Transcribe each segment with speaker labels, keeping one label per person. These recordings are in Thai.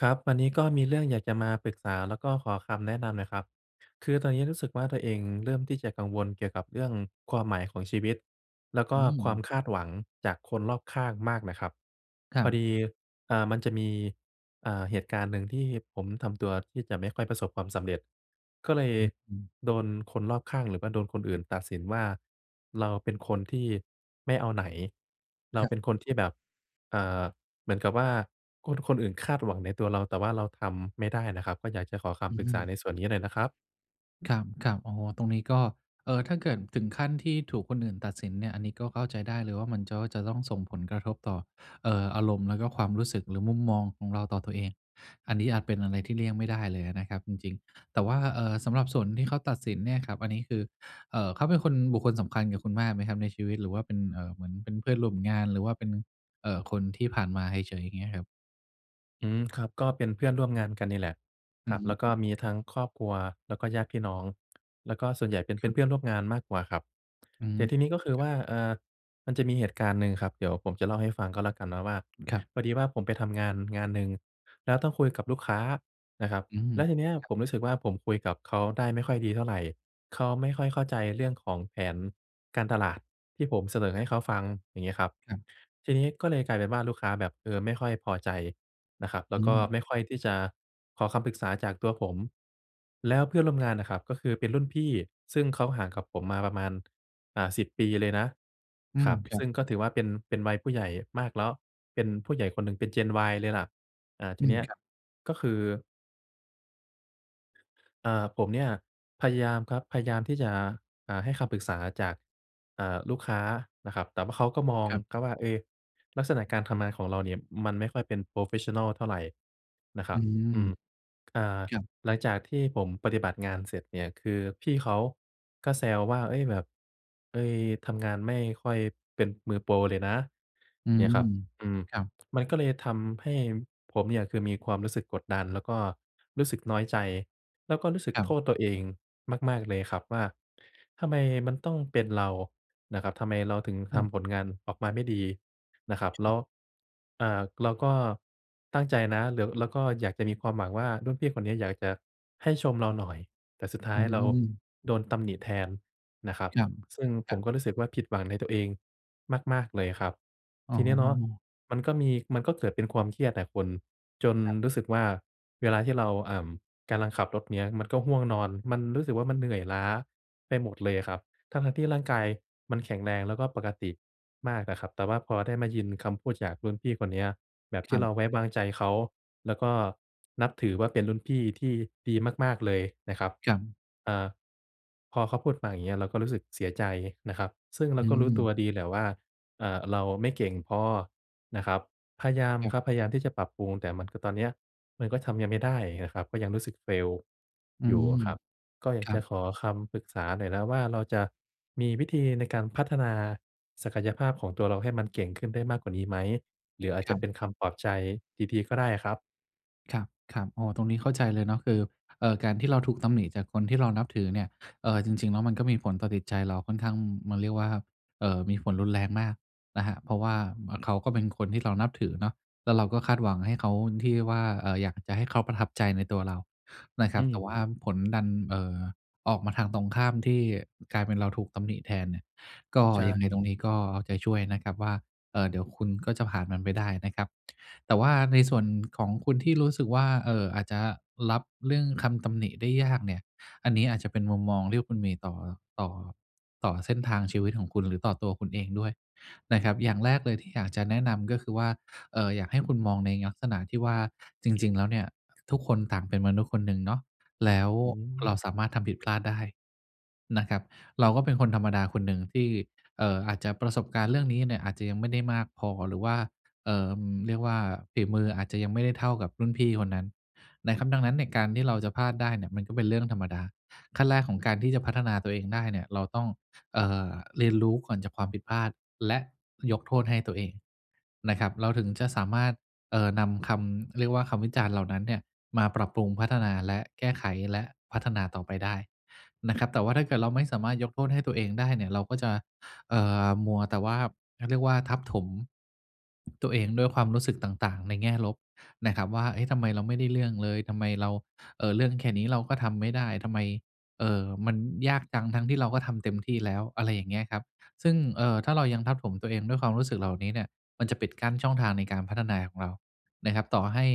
Speaker 1: ครับ อันนี้ก็มีเรื่องอยากจะมาปรึกษา แล้วก็ขอคำแนะนำหน่อยครับ คือตอนนี้รู้สึกว่าตัวเองเริ่มที่จะกังวลเกี่ยวกับเรื่องความหมายของชีวิต แล้วก
Speaker 2: อ
Speaker 1: ็ความ
Speaker 2: ืม
Speaker 1: คาดหวังจากคนรอบข้างมากน่ะครับ
Speaker 2: คร
Speaker 1: พ
Speaker 2: ั
Speaker 1: อ
Speaker 2: บ
Speaker 1: ดี อ่า มันจะมี อ่า เหตุการณ์หนึ่งที่ผมทำตัวที่จะไม่ค่อยประสบความสำเร็จ ก็เลย
Speaker 2: อืม
Speaker 1: โดนคนรอบข้าง หรือว่าโดนคนอื่นตัดสินว่า เราเป็นคนที่ไม่เอาไหน เรา
Speaker 2: ครับ
Speaker 1: เป็นคนที่แบบ เอ่อ เหมือนกับว่าคนอื่นคาดหวังในตัวเรา แต่ว่าเราทำไม่ได้น่ะครับ ก็อยากจะขอค
Speaker 2: อ
Speaker 1: ำปรึกษา
Speaker 2: ือ
Speaker 1: ในส่วนนี้หน่อยนะครับ
Speaker 2: ครับ ๆ โอ้โฮ ตรงนี้ก็ เอ่อ ถ้าเกิดถึงขั้นที่ถูกคนอื่นตัดสินเนี่ย อันนี้ก็เข้าใจได้เลยว่า มันก็ จะต้องส่งผลกระทบต่อ เอ่อ อารมณ์แล้วก็ความรู้สึก หรือมุมมองของเราต่อตัวเอง อันนี้อาจเป็นอะไรที่เลี่ยงไม่ได้เลยอะนะครับจริง ๆ แต่ว่า เอ่อ สำหรับส่วนที่เขาตัดสินเนี่ยครับ อันนี้คือ เอ่อ เขาเป็นคน บุคคลสำคัญกับคุณมากไหมครับในชีวิต หรือว่าเป็น เอ่อ เหมือนเป็นเพื่อนร่วมงาน หรือว่าเป็น เอ่อ คนที่ผ่านมาเฉย ๆ อย่างเงี้ยครับ?
Speaker 1: อืม ครับ ก็เป็นเพื่อนร่วมงานกันนี่แหละ
Speaker 2: อ
Speaker 1: ค
Speaker 2: ื
Speaker 1: ร
Speaker 2: อ
Speaker 1: ับ
Speaker 2: ฮ
Speaker 1: แล้วก็
Speaker 2: ึ
Speaker 1: มีทั้งครอบครัว แล้วก็ญาติพี่น้อง แล้วก็ส่วนใหญ่เป็น เป
Speaker 2: ค
Speaker 1: ็
Speaker 2: รั
Speaker 1: น
Speaker 2: บ
Speaker 1: เพื่อนร่วมงานมากกว่าครับ
Speaker 2: อื
Speaker 1: แต
Speaker 2: ม
Speaker 1: ่ทีนี้ก็คือ
Speaker 2: คร
Speaker 1: ว
Speaker 2: ับ
Speaker 1: ่า เอ่อ มันจะมีเหตุการณ์หนี่งครับ เดี๋ยวผมจะเล่าให้ฟังก็แล้วกันเนาะว่า
Speaker 2: ครับ
Speaker 1: พอดีว่าผมไปทำงาน งานหนึ่ง แล้วต้องคุยกับลูกค้านะครับ
Speaker 2: อือ
Speaker 1: แล้วทีเนี้ย
Speaker 2: ครับ
Speaker 1: ผมรู้สึกว่า ผมคุยกับเขาได้ไม่ค่อยดีเท่าไร เขาไม่ค่อยเข้าใจเรื่องของแผนการตลาดที่ผมเสนอให
Speaker 2: ครับ
Speaker 1: ้เขาฟัง อย่างเงี้ยครับ
Speaker 2: ครับ
Speaker 1: ทีนี้ก็เลยกลายเป็นว่าลูกค้าแบบ เออ ไม่ค่อยพอใจนะครับ แล้
Speaker 2: อื
Speaker 1: วก็
Speaker 2: ม
Speaker 1: ไม่ค่อยที่จะขอคำปรึกษาจากตัวผม แล้วเพื่อนร่วมง
Speaker 2: ค
Speaker 1: า
Speaker 2: รั
Speaker 1: น
Speaker 2: บ
Speaker 1: น่ะครับ ก็คือเป็นรุ่นพี่ซึ่งเขาห่างกับผมมาประมาณ อ่า 10 ปีเลยนะ
Speaker 2: อื
Speaker 1: ค
Speaker 2: ม
Speaker 1: รับ
Speaker 2: ครั
Speaker 1: ซ
Speaker 2: บ
Speaker 1: ึ่งก็ถือว่าเป็น เป็นวัยผู้ใหญ่มากแล้ว เป็นผู้ใหญ่คนหนึ่ง เป็น Gen Y เลยล่ะ อ่า ท
Speaker 2: อ
Speaker 1: ี
Speaker 2: ื
Speaker 1: เ
Speaker 2: ม
Speaker 1: นี้ย
Speaker 2: ครับ
Speaker 1: ก็คือ อ่า ผมเนี่ยพยายามครับ พยายามที่จะ อ่า ให้คำปรึกษาจาก อ่า ลูกค้านะครับ แต่ว่าเขาก็มอง
Speaker 2: ครับ
Speaker 1: ครับว่า เอ ลักษณะการทำงานของเราเนี่ยมันไม่ค่อยเป็น โพรเฟสชันนัล เท่าไรนะคร
Speaker 2: อื
Speaker 1: ับ
Speaker 2: ม
Speaker 1: อืม อ่า
Speaker 2: ครับ
Speaker 1: หลังจากที่ผมปฏิบัติงานเสร็จเนี่ย คือพี่เขาก็แซวว่า เอ๊ย แบบ เฮ้ย ทำงานไม่ค่อยเป็นมือโปรเลยนะ
Speaker 2: อื
Speaker 1: เนี่ยครับ
Speaker 2: ม
Speaker 1: อืม
Speaker 2: ครับ
Speaker 1: มันก็เลยทำให้ผมเนี่ย คือมีความรู้สึกกดดัน แล้วก็รู้สึกน้อยใจ แล้วก็รู้สึก
Speaker 2: ครั
Speaker 1: โท
Speaker 2: บ
Speaker 1: ษตัวเองมาก ๆ เลยครับ ว่าทำไมมันต้องเป็นเรานะครับ ทำไมเราถึง
Speaker 2: อ
Speaker 1: ท
Speaker 2: ืม
Speaker 1: ำผลงานออกมาไม่ดีนะครับ แล้ว อ่า เราก็ตั้งใจนะ หรือ แล้วก็อยากจะมีความหวังว่า รุ่นพี่คนนี้อยากจะให้ชมเราหน่อย แต่สุดท้า
Speaker 2: อื
Speaker 1: ยเรา
Speaker 2: อ
Speaker 1: โดนตำหนิแทนนะครับ
Speaker 2: ครับ
Speaker 1: ซึ่ง
Speaker 2: ค
Speaker 1: ผ
Speaker 2: รั
Speaker 1: ม
Speaker 2: บ
Speaker 1: ก็รู้สึกว่า ผิดหวังในตัวเองมาก ๆ เลยครับ
Speaker 2: อ๋
Speaker 1: ที
Speaker 2: อ
Speaker 1: นี้เนาะมันก็มี มันก็เกิดเป็นความเครียดอะคุณ จน
Speaker 2: ครับ
Speaker 1: รู้สึกว่า เวลาที่เรา อ่า กำลังขับรถเนี่ยมันก็ง่วงนอน มันรู้สึกว่ามันเหนื่อยล้าไปหมดเลยครับ ทั้ง ๆ ที่ร่างกายมันแข็งแรง แล้วก็ปกติมากนะครับ แต่ว่าพอได้มายินคำพูดจากรุ่นพี่คนนี้แบบ
Speaker 2: ค
Speaker 1: ที
Speaker 2: รั
Speaker 1: ่เร
Speaker 2: บ
Speaker 1: าไว้วางใจเขา แล้วก็นับถือว่าเป็นรุ่นพี่ที่ดีมาก ๆ เลยนะครับ
Speaker 2: ครับ
Speaker 1: อ่า พอเขาพูดมา อย่างเงี้ย เราก็รู้สึกเสียใจนะครับ ซึ่งเรา
Speaker 2: อื
Speaker 1: ก็รู้ตั
Speaker 2: ม
Speaker 1: วดีแหละว่า อ่า เราไม่เก่งพอนะครับ พยายาม
Speaker 2: ครับ
Speaker 1: ครับ พยายามที่จะปรับปรุง แต่มันคือตอนนี้มันก็ทำยังไม่ได้นะครับ ก็ยังรู้สึก Fail
Speaker 2: อื
Speaker 1: อยู่
Speaker 2: ม
Speaker 1: ครับ ก็อย
Speaker 2: ค
Speaker 1: าก
Speaker 2: รั
Speaker 1: จะ
Speaker 2: บ
Speaker 1: ขอคำปรึกษาหน่อยนะว่า เราจะมีวิธีในการพัฒนาศักยภาพของตัวเราให้มันเก่งขึ้นได้มากกว่านี้ไหม? หรืออาจ
Speaker 2: ค
Speaker 1: จ
Speaker 2: ร
Speaker 1: ะ
Speaker 2: ั
Speaker 1: เป
Speaker 2: บ
Speaker 1: ็นคำปลอบใจดี ๆ ก็ได้ครับ
Speaker 2: ครับ ๆ อ๋อ ตรงนี้เข้าใจเลยเนาะ คือ เอ่อ การที่เราถูกตำหนิจากคนที่เรานับถือเนี่ย เอ่อ จริง ๆ แล้วมันก็มีผลต่อจิตใจเราค่อนข้าง ม มันเรียกว่า เอ่อ มีผลรุนแรงมากนะครับ เพราะว่า เขาก็เป็นคนที่เรานับถือเนาะ แล้วเราก็คาดหวังให้เขา ที่ว่า เอ่อ อยากจะให้เขาประทับใจในตัวเรานะค
Speaker 1: อ
Speaker 2: ร
Speaker 1: ื
Speaker 2: ับ แต่ว่
Speaker 1: ม
Speaker 2: าผลดัน เอ่อ ออกมาทางตรงข้ามที่กลายเป็นเราถูกตำหนิแทนเนี่ย ก็
Speaker 1: ใช
Speaker 2: ยังไงต
Speaker 1: ่
Speaker 2: รงนี้ก็เอาใจช่วยนะครับว่า เอ่อ เดี๋ยวคุณก็จะผ่านมันไปได้นะครับ แต่ว่าในส่วนของคุณที่รู้สึกว่า เอ่อ อาจจะรับเรื่องคำตำหนิได้ยากเนี่ย อันนี้อาจจะเป็นมุมมองที่คุณมีต่อ ต่อ ต่อเส้นทางชีวิตของคุณหรือต่อตัวคุณเองด้วยนะครับ อย่างแรกเลยที่อยากจะแนะนำก็คือว่า เอ่อ อยากให้คุณมองในลักษณะที่ว่า จริง ๆ แล้วเนี่ย ทุกคนต่างเป็นมนุษย์คนหนึ่งเนาะ แล้ว
Speaker 1: อื
Speaker 2: เรา
Speaker 1: ม
Speaker 2: สามารถทำผิดพลาดได้ นะครับ เราก็เป็นคนธรรมดาคนหนึ่งที่ เอ่อ อาจจะประสบการณ์เรื่องนี้เนี่ยอาจจะยังไม่ได้มากพอ หรือว่า เอ่อ อืม เรียกว่า ฝีมืออาจจะยังไม่ได้เท่ากับรุ่นพี่คนนั้นนะครับ ดังนั้น การที่เราจะพลาดได้เนี่ยมันก็เป็นเรื่องธรรมดา ขั้นแรกของการที่จะพัฒนาตัวเองได้เนี่ย เราต้อง เอ่อ เรียนรู้ก่อนจากความผิดพลาด และยกโทษให้ตัวเอง นะครับ เราถึงจะสามารถ เอ่อ นำคำ เรียกว่า คำวิจารณ์เหล่านั้นเนี่ยมาปรับปรุงพัฒนาและแก้ไข และพัฒนาต่อไปได้นะครับ แต่ว่าถ้าเกิดเราไม่สามารถยกโทษให้ตัวเองได้เนี่ย เราก็จะ เอ่อ มัวแต่ว่า เขาเรียกว่า ทับถม ตัวเองด้วยความรู้สึกต่าง ๆ ในแง่ลบนะครับว่า "เอ๊ะ ทำไมเราไม่ได้เรื่องเลย ทำไมเรา เอ่อ เรื่องแค่นี้เราก็ทำไม่ได้ ทำไม เอ่อ มันยากจัง ทั้งที่เราก็ทำเต็มที่แล้ว" อะไรอย่างเงี้ยครับ ซึ่ง เอ่อ ถ้าเรายังทับถมตัวเองด้วยความรู้สึกเหล่านี้เนี่ย มันจะปิดกั้นช่องทางในการพัฒนาของเรา นะครับ ต่อให้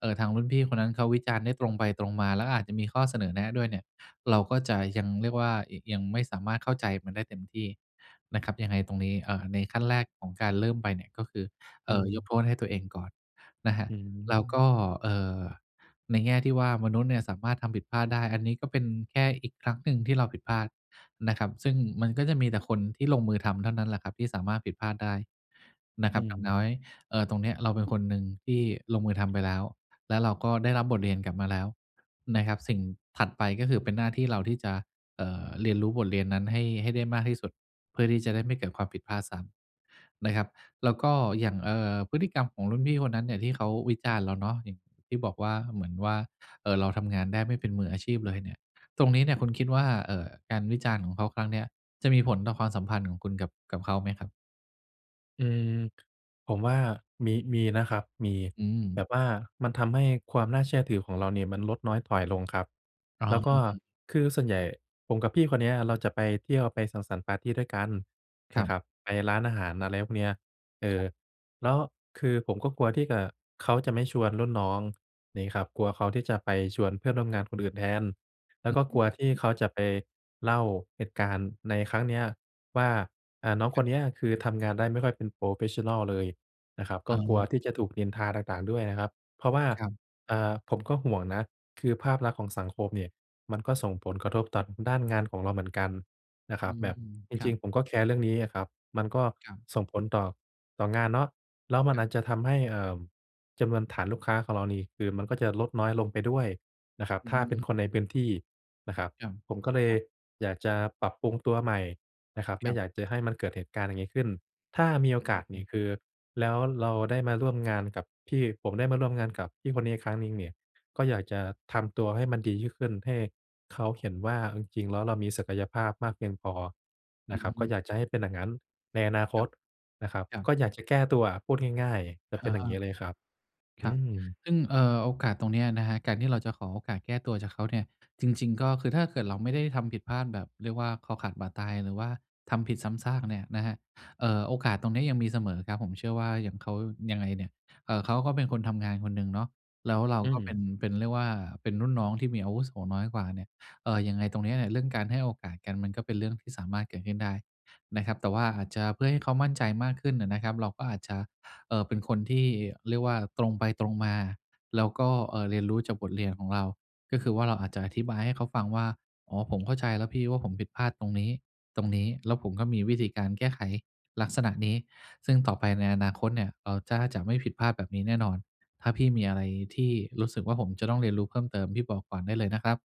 Speaker 2: เอ่อ ทางรุ่นพี่คนนั้นเขาวิจารณ์ได้ตรงไปตรงมา แล้วก็อาจจะมีข้อเสนอแนะด้วยเนี่ย เราก็จะยัง เรียกว่า ย ยังไม่สามารถเข้าใจมันได้เต็มที่นะครับ ยังไงตรงนี้ เอ่อ ในขั้นแรกของการเริ่มไปเนี่ย ก็คือ เ
Speaker 1: อ
Speaker 2: อ
Speaker 1: ื
Speaker 2: ่อ ยก
Speaker 1: ม
Speaker 2: โทษให้ตัวเองก่อนนะครับ
Speaker 1: อื
Speaker 2: แล้วก
Speaker 1: ม
Speaker 2: ็ เอ่อ ในแง่ที่ว่า มนุษย์เนี่ยสามารถทำผิดพลาดได้ อันนี้ก็เป็นแค่อีกครั้งหนึ่งที่เราผิดพลาดนะครับ ซึ่งมันก็จะมีแต่คนที่ลงมือทำเท่านั้นแหละครับที่สามารถผิดพลาดได้ นะ
Speaker 1: อ
Speaker 2: ค
Speaker 1: ื
Speaker 2: รับ อย่าง
Speaker 1: ม
Speaker 2: น้อย เอ่อ ตรงเนี้ย เราเป็นคนหนึ่งที่ลงมือทำไปแล้ว แล้วเราก็ได้รับบทเรียนกลับมาแล้วนะครับ สิ่งถัดไปก็คือเป็นหน้าที่เราที่จะ เอ่อ เรียนรู้บทเรียนนั้นให้ ให้ได้มากที่สุด เพื่อที่จะได้ไม่เกิดความผิดพลาดซ้ำ นะครับ แล้วก็อย่าง เอ่อ พฤติกรรมของรุ่นพี่คนนั้นเนี่ย ที่เขาวิจารณ์เราเนาะ อย่างที่บอกว่า เหมือนว่า เอ่อ เราทำงานได้ไม่เป็นมืออาชีพเลยเนี่ย ตรงนี้เนี่ยคุณคิดว่า เอ่อ การวิจารณ์ของเขาครั้งเนี้ย จะมีผลต่อความสัมพันธ์ของคุณกับ กับเขาไหมครับ?
Speaker 1: อืม ผมว่ามี มีนะครับ มี
Speaker 2: อื
Speaker 1: แบ
Speaker 2: ม
Speaker 1: บว่ามันทำให้ความน่าเชื่อถือของเราเนี่ย มันลดน้อยถอยลงครับ
Speaker 2: อ๋
Speaker 1: แ
Speaker 2: อ
Speaker 1: ล้วก็คือส่วนใหญ่ ผมกับพี่คนเนี้ยเราจะไปเที่ยว ไปสังสรรค์ปาร์ตีด้วยกัน
Speaker 2: ค
Speaker 1: น
Speaker 2: รั
Speaker 1: ะ
Speaker 2: บ
Speaker 1: ครับ ไปร้านอาหาร อะไรพวกเนี้ย เอ
Speaker 2: คร
Speaker 1: อ
Speaker 2: ับ
Speaker 1: แล้วคือผมก็กลัวที่จะ เขาจะไม่ชวนรุ่นน้องนี้ครับ กลัวเขาที่จะไปชวนเพื่อนร่วมงานคนอื่นแทน แล้วก็กลัวที่เขาจะไปเล่าเหตุการณ์ในครั้งนี้ว่า อ่า น้องค
Speaker 2: คร
Speaker 1: น
Speaker 2: ับ
Speaker 1: นี้ คือทำงานได้ไม่ค่อยเป็น โพรเฟสชันนัล เลยนะครับ ก
Speaker 2: อ
Speaker 1: ็
Speaker 2: ๋
Speaker 1: กลัว
Speaker 2: อ
Speaker 1: ที่จะถูกนินทาต่าง ๆ ด้วยนะครับ เพราะว่า
Speaker 2: ครับ
Speaker 1: เอ่อ ผมก็ห่วงนะ คือภาพลักษณ์ของสังคมเนี่ย มันก็ส่งผลกระทบ ต่อด้านงานของเราเหมือนกันนะค
Speaker 2: อ
Speaker 1: ร
Speaker 2: ื
Speaker 1: ับ แบ
Speaker 2: ม
Speaker 1: บจ
Speaker 2: ครั
Speaker 1: ริง
Speaker 2: บ
Speaker 1: ๆ ผมก็แคร์เรื่องนี้อะครับ มันก็
Speaker 2: ครับ
Speaker 1: ส่งผลต่อ ต่องานเนาะ แล้วมัน
Speaker 2: คร
Speaker 1: อ
Speaker 2: ับ
Speaker 1: าจจะทำให้ เอ่อ จำนวนฐานลูกค้าของเรานี่ คือมันก็จะลดน้อยลงไปด้วยนะครับ
Speaker 2: อื
Speaker 1: ถ
Speaker 2: อ
Speaker 1: ้า
Speaker 2: ฮ
Speaker 1: เป็น
Speaker 2: ึ
Speaker 1: คนในพื้นที่นะครับ
Speaker 2: ครับ
Speaker 1: ผมก็เล
Speaker 2: ค
Speaker 1: ย
Speaker 2: รับ
Speaker 1: อยากจะปรับปรุงตัวใหม่นะครับ ไม
Speaker 2: ค
Speaker 1: ่
Speaker 2: รับ
Speaker 1: อยากจะให้มันเกิดเหตุการณ์อย่างนี้ขึ้น ถ้ามีโอ
Speaker 2: อ
Speaker 1: กาสเน
Speaker 2: ื
Speaker 1: ี่
Speaker 2: ม
Speaker 1: ย คือแล้วเราได้มาร่วมงานกับพี่ ผมได้มาร่วมงานกับพี่คนนี้อีกครั้งหนึ่งนี่ ก็อ
Speaker 2: ค
Speaker 1: ย
Speaker 2: รับ
Speaker 1: ากจะทำตัวให้มันดียิ่งขึ้น ให้เขาเห็นว่าจริง ๆ แล้ว เรามีศักยภาพมากเพียงพอ
Speaker 2: อ
Speaker 1: นะครับ ก็
Speaker 2: ืม
Speaker 1: อยากจะให้เป็นอย่างนั้น ในอนาค
Speaker 2: ครั
Speaker 1: ต
Speaker 2: บ
Speaker 1: นะครับ
Speaker 2: ครั
Speaker 1: ก็
Speaker 2: บ
Speaker 1: อยากจะแก้ตัวอะ พูดง่าย ๆ จะ
Speaker 2: อ
Speaker 1: เป็น
Speaker 2: า
Speaker 1: อย่างนี้เลยครับ อ
Speaker 2: คร
Speaker 1: ื
Speaker 2: ับ
Speaker 1: อ
Speaker 2: ซึ่ง เอ่อ โอกาสตรงเนี้ยนะครับ การที่เราจะขอโอกาสแก้ตัวจากเขาเนี่ย จริง ๆ ก็คือ ถ้าเกิดเรา ไม่ได้ทำผิดพลาดแบบเรียกว่า คอขาดบาดตาย หรือว่าทำผิดซ้ำซากเนี่ยนะครับ เอ่อ โอกาสตรงนี้ยังมีเสมอครับ ผมเชื่อว่าอย่างเขา ยังไงเนี่ย เอ่อ เขาก็เป็นคนทำงานคนหนึ่งเนาะ แล้วเรา
Speaker 1: อื
Speaker 2: ก็เป็
Speaker 1: ม
Speaker 2: น เป็นเรียกว่าเป็นรุ่นน้อง ที่มีอาวุโสน้อยกว่าเนี่ย เอ่อ ยังไงตรงนี้เนี้ย เรื่องการให้โอกาสกัน มันก็เป็นเรื่องที่สามารถเกิดขึ้นได้นะครับ แต่ว่าอาจจะเพื่อให้เขามั่นใจมากขึ้นอะนะครับ เราก็อาจจะ เอ่อ เป็นคนที่เรียกว่า ตรงไปตรงมา แล้วก็ เอ่อ เรียนรู้จากบทเรียนของเรา ก็คือว่าเราอาจจะอธิบายให้เขาฟังว่า อ๋อ ผมเข้าใจแล้วพี่ ว่าผมผิดพลาดตรงนี้ ตรงนี้ แล้วผมก็มีวิธีการแก้ไขลักษณะนี้ ซึ่งต่อไปในอนาคตเนี่ย เราจ้า จะไม่ผิดพลาดแบบนี้แน่นอน ถ้าพี่มีอะไรที่รู้สึกว่า ผมจะต้องเรียนรู้เพิ่มเติม พี่บอกก่อนได้เลยนะครับ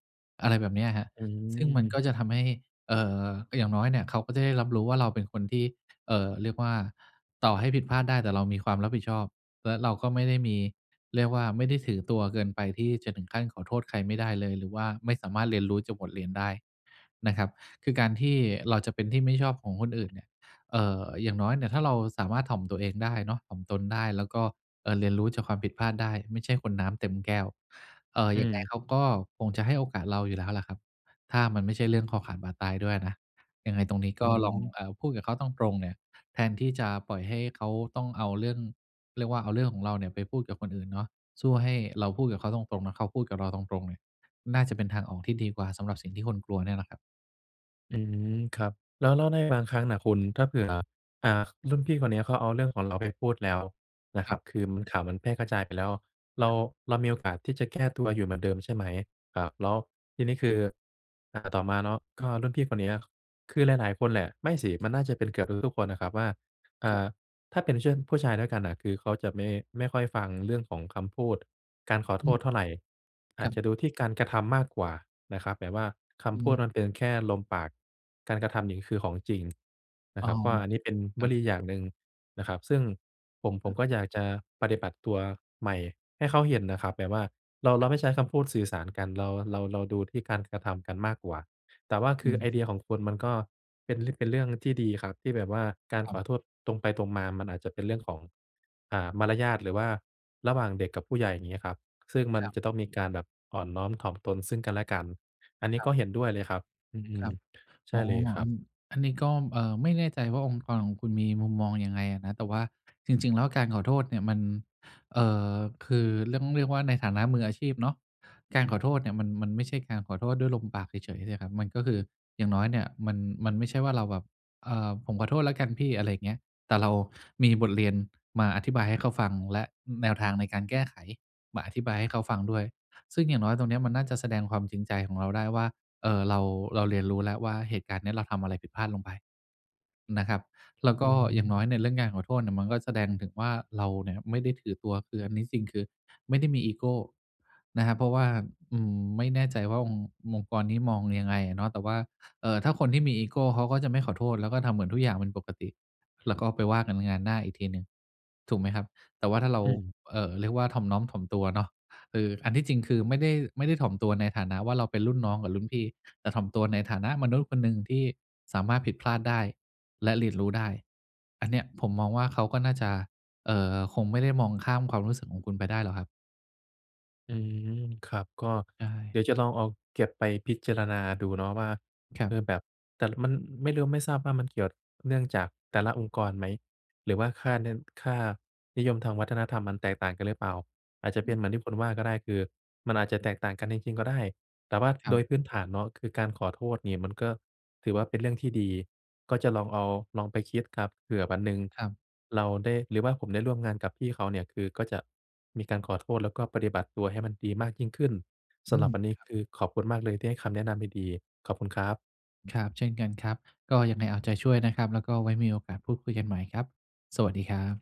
Speaker 2: อะไรแบบเนี้ยครับ
Speaker 1: อื
Speaker 2: ซึ่งมันก็
Speaker 1: ม
Speaker 2: จะทำให้ เอ่อ ก็อย่างน้อยเนี่ย เขาก็จะได้รับรู้ว่าเราเป็นคนที่ เอ่อ เรียกว่าต่อให้ผิดพลาดได้ แต่เรามีความรับผิดชอบ และเราก็ไม่ได้มี เรียกว่าไม่ได้ถือตัวเกินไป ที่จะถึงขั้นขอโทษใครไม่ได้เลย หรือว่าไม่สามารถเรียนรู้จากบทเรียนได้นะครับ คือการที่เราจะเป็นที่ไม่ชอบของคนอื่นเนี่ย เอ่อ อย่างน้อยเนี่ย ถ้าเราสามารถถ่อมตัวเองได้เนาะ ถ่อมตนได้แล้วก็ เอ่อ เรียนรู้จากความผิดพลาดได้ ไม่ใช่คนน้ำเต็มแก้ว เอ่อ
Speaker 1: อื
Speaker 2: ยังไง
Speaker 1: ม
Speaker 2: เขาก็คงจะให้โอกาสเราอยู่แล้วล่ะครับ ถ้ามันไม่ใช่เรื่องคอขาดบาดตายด้วยอะนะ ยังไงตรงนี้
Speaker 1: อ
Speaker 2: ก
Speaker 1: ื
Speaker 2: ็ลอง
Speaker 1: ม
Speaker 2: เอ่อ พูดกับเขาตรง ๆ เนี่ย แทนที่จะปล่อยให้เขาต้องเอาเรื่อง เรียกว่าเอาเรื่องของเราเนี่ยไปพูดกับคนอื่นเนาะ สู้ให้เราพูดกับเขาตรง ๆ นะ เขาพูดกับเราตรง ๆ เนี่ย น่าจะเป็นทางออกที่ดีกว่า สำหรับสิ่งที่คุณกลัวเนี่ยนะครับ
Speaker 1: อืม ครับ แล้ว แล้วในบางครั้งน่ะคุณ ถ้าเผื่อ อ่า รุ่นพี่คนเนี้ย เขาเอาเรื่องของเราไปพูดแล้วนะค
Speaker 2: ค
Speaker 1: ร
Speaker 2: รั
Speaker 1: ับ
Speaker 2: บ
Speaker 1: คือข่าวมันแพร่กระจายไปแล้ว เรา เรามีโอกาสที่จะแก้ตัวอยู่เหมือนเดิมใช่ไหม? อ่า แล้วทีนี้คือ อ่า ต่อมาเนาะ ก็รุ่นพี่คนเนี้ย คือหลาย ๆ คนแหละ ไม่สิมันน่าจะเป็นเกือบทุก ๆ คนน่ะครับว่า อ่
Speaker 2: ครับ
Speaker 1: า ถ้าเป็น ช ผู้ชายด้วยกันน่ะ คือเขาจะไม่ ไม่ค่อยฟังเรื่องของคำพูดการขอ
Speaker 2: อ
Speaker 1: โท
Speaker 2: ืม
Speaker 1: ษเท่าไร อ
Speaker 2: ค
Speaker 1: าจ
Speaker 2: ร
Speaker 1: จะ
Speaker 2: ับ
Speaker 1: ดูที่การกระทำมากกว่านะครับ แต่ว่าค
Speaker 2: อ
Speaker 1: ำพู
Speaker 2: ื
Speaker 1: ด
Speaker 2: ม
Speaker 1: มันเป็นแค่ลมปาก การกระทำนี่คือของจริงน
Speaker 2: อ
Speaker 1: ะ
Speaker 2: ๋
Speaker 1: ค
Speaker 2: อ
Speaker 1: รับว่า อันนี้เป็น
Speaker 2: ค
Speaker 1: ว
Speaker 2: รับ
Speaker 1: ลีอย่างหนึ่งนะครับ ซึ่งผม ผมก็อยากจะปฏิบัติตัวใหม่ให้เขาเห็นน่ะครับ แบบว่าเรา เร
Speaker 2: คร
Speaker 1: า
Speaker 2: ับ
Speaker 1: ไม่ใช้คำพูดสื่อสารกัน เรา เรา เราดูที่การกระทำกันมากกว่า แต่ว่าค
Speaker 2: อ
Speaker 1: ื
Speaker 2: ื
Speaker 1: อไอ
Speaker 2: ม
Speaker 1: เดียของคุณมันก็เป็น เป็นเรื่องที่ดีครับ ที่แบบว่าการ
Speaker 2: คร
Speaker 1: ข
Speaker 2: ั
Speaker 1: อ
Speaker 2: บ
Speaker 1: โทษตรงไปตรงมา มันอาจจะเป็นเรื่องของ อ่า มารยาท หรือว่าระหว่างเด็กกับผู้ใหญ่ อย่างเงี้ยครับ ซึ่งมั
Speaker 2: ค
Speaker 1: น
Speaker 2: รับ
Speaker 1: จะต้องมีการแบบอ่อนน้อมถ่อมตนซึ่งกันและกัน อันนี้
Speaker 2: ครั
Speaker 1: ก็
Speaker 2: บ
Speaker 1: เห็นด้วยเลยครับ อื
Speaker 2: คร
Speaker 1: อ
Speaker 2: ับ
Speaker 1: ใช
Speaker 2: อ๋
Speaker 1: ่
Speaker 2: อ
Speaker 1: เลยคร
Speaker 2: อั
Speaker 1: ับ
Speaker 2: น อันนี้ก็ เอ่อ ไม่แน่ใจว่าองค์กรของคุณมีมุมมองยังไงอะนะ แต่ว่าจริง ๆ แล้วการขอโทษเนี่ยมัน เอ่อ คือต้องเรียกว่าในฐานะมืออาชีพเนาะ การขอโทษเนี่ยมัน มันไม่ใช่การขอโทษด้วยลมปากเฉย ๆ เนี่ยครับ มันก็คืออย่างน้อยเนี่ย มัน มันไม่ใช่ว่าเราแบบ เอ่อ "ผมขอโทษแล้วกันพี่" อะไรอย่างเงี้ย แต่เรามีบทเรียนมาอธิบายให้เขาฟังและแนวทางในการแก้ไขมาอธิบายให้เขาฟังด้วย ซึ่งอย่างน้อยตรงเนี้ย มันน่าจะแสดงความจริงใจของเราได้ว่า เอ่อ เรา เราเรียนรู้แล้วว่าเหตุการณ์เนี้ย เราทำอะไรผิดพลาดลงไปนะครับ แล้วก
Speaker 1: อ
Speaker 2: ็
Speaker 1: ือฮ
Speaker 2: อย่าง
Speaker 1: ึ
Speaker 2: น้อยในเรื่องการขอโทษเนี่ย มันก็แสดงถึงว่า เราเนี่ยไม่ได้ถือตัว คืออันนี้จริงคือไม่ได้มีอีโกนะครับ เพราะว่า อืม ไม่แน่ใจว่าองค์ องค์กรนี้มองยังไงอะเนาะ แต่ว่า เอ่อ ถ้าคนที่มีอีโกเขาก็จะไม่ขอโทษ แล้วก็ทำเหมือนทุกอย่างเป็นปกติ แล้วก็ไปว่ากันงานหน้าอีกทีหนึ่ง ถูกไหมครับ? แต่ว่าถ้าเรา
Speaker 1: อืม
Speaker 2: เอ่อ เรียกว่าถ่อมน้อมถ่อมตัวเนาะ คืออันที่จริง คือไม่ได้ ไม่ได้ถ่อมตัวในฐานะว่าเราเป็นรุ่นน้องกับรุ่นพี่ แต่ถ่อมตัวในฐานะมนุษย์คนหนึ่งที่สามารถผิดพลาดได้ และเรียนรู้ได้ อันเนี้ยผมมองว่า เขาก็น่าจะ เอ่อ คงไม่ได้มองข้ามความรู้สึกของคุณไปได้หรอกครับ
Speaker 1: อืม ครับ ก็
Speaker 2: ใช
Speaker 1: เ
Speaker 2: ่
Speaker 1: ดี๋ยวจะลองเอาเก็บไปพิจารณาดูเนาะว่า
Speaker 2: ครั
Speaker 1: เอ
Speaker 2: บ
Speaker 1: อ แบบ แต่มันไม่รู้ ไม่ทราบว่า มันเกี่ยวเนื่องจากแต่ละองค์กรไหม หรือว่าค่า น ค่านิยมทางวัฒนธรรมมันแตกต่างกันหรือเปล่า อาจจะเป็นเหมือนที่คุณว่าก็ได้ คือมันอาจจะแตกต่างกันจริง ๆ ก็ได้ แต่ว่า
Speaker 2: ครั
Speaker 1: โดย
Speaker 2: บ
Speaker 1: พื้นฐานเนาะ คือการขอโทษเนี่ย มันก็ถือว่าเป็นเรื่องที่ดี ก็จะลองเอา ลองไปคิดครับ เผื่อวันหนึ่ง
Speaker 2: ครับ
Speaker 1: เราได้ หรือว่าผมได้ร่วมงานกับพี่เขาเนี่ย คือก็จะมีการขอโทษ แล้วก็ปฏิบัติตัวให้มันดีมากยิ่งขึ้น ส
Speaker 2: อื
Speaker 1: ำหรั
Speaker 2: ม
Speaker 1: บวันนี้
Speaker 2: ครับ
Speaker 1: คือขอบคุณมากเลย ที่ให้คำแนะนำดี ๆ ขอบคุณครับ
Speaker 2: ครับ เช่นกันครับ ก็ยังไงเอาใจช่วยนะครับ แล้วก็ไว้มีโอกาสพูดคุยกันใหม่ครับ สวัสดีครับ